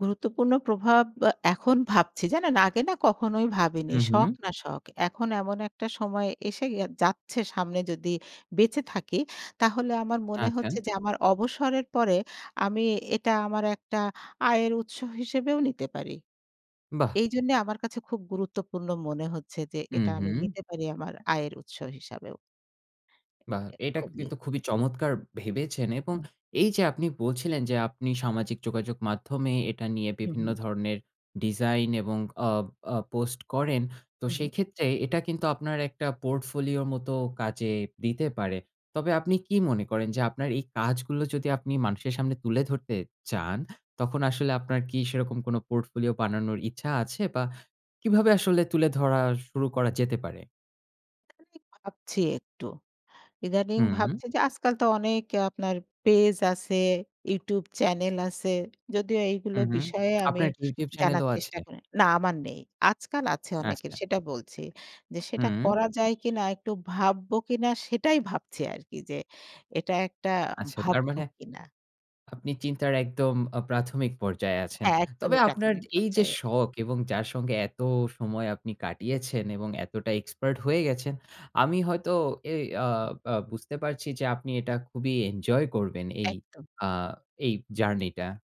গুরুত্বপূর্ণ প্রভাব বা এখন ভাবছি। জানেন? আগে না কখনোই ভাবিনি। হু, শখ হু। না শখ। এখন এমন একটা সময় এসে গে যাচ্ছে সামনে যদি বেঁচে থাকি, তাহলে আমার মনে আচ্ছা। হচ্ছে যে আমার অবসরের পরে আমি এটা আমার একটা আয়ের উৎস হিসেবেও নিতে পারি। বাহ! এইজন্য আমার কাছে খুব গুরুত্বপূর্ণ মনে হচ্ছে যে হুম, এটা আমি হুম। নিতে পারি আমার আয়ের উৎস হিসাবেও। বাহ! অ্যা এটা খুবই। কিন্তু খুবই চমৎকার ভেবেছেন। এবং হুম। এই যে আপনি বলছিলেন যে, আপনি সামাজিক যোগাযোগ মাধ্যমে এটা নিয়ে হু, বিভিন্ন হু। ধরনের ডিজাইন এবং আ আ পোস্ট করেন। তো হুম, হুম। সেক্ষেত্রে এটা কিন্তু আপনার একটা পোর্টফোলিও মত কাজে দিতে পারে। তবে আপনি কি মনে করেন? যে আপনার এই কাজগুলো যদি আপনি মানুষের সামনে তুলে ধরতে চান, তখন আসলে আপনার কি সেরকম কোন পোর্টফোলিও বানানোর ইচ্ছা আছে? বা কিভাবে আসলে তুলে ধরা শুরু করা যেতে পারে? [unintelligible] ভাবছি একটু। ইদানিং হুম। ভাবছি যে আজকাল তো অনেক আপনার পেজ আছে, YouTube চ্যানেল আছে। যদিও এইগুলো হুম, হুম। বিষয়ে আমি আপনার YouTube চ্যানেল জানার ও আছে? চেষ্টা করি না আমার নেই। আজকাল আছে অনেকের আচ্ছা। সেটা বলছি যে সেটা হুম। করা যায় কিনা একটু ভাববো কিনা, সেটাই ভাবছি আর কি যে এটা একটা আচ্ছা, তার ভাববো মানে? কিনা। আপনি চিন্তার একদম আ প্রাথমিক পর্যায়ে আছেন। তবে একদমই আপনার প্রাথমিক এই যে পর্যায়ে। শখ, এবং যার সঙ্গে এত সময় আপনি কাটিয়েছেন এবং এতটা এক্সপার্ট হয়ে গেছেন, আমি হয়তো এ আ আ বুঝতে পারছি যে আপনি এটা খুবই এনজয় করবেন এই একদম। আ এই জার্নিটা।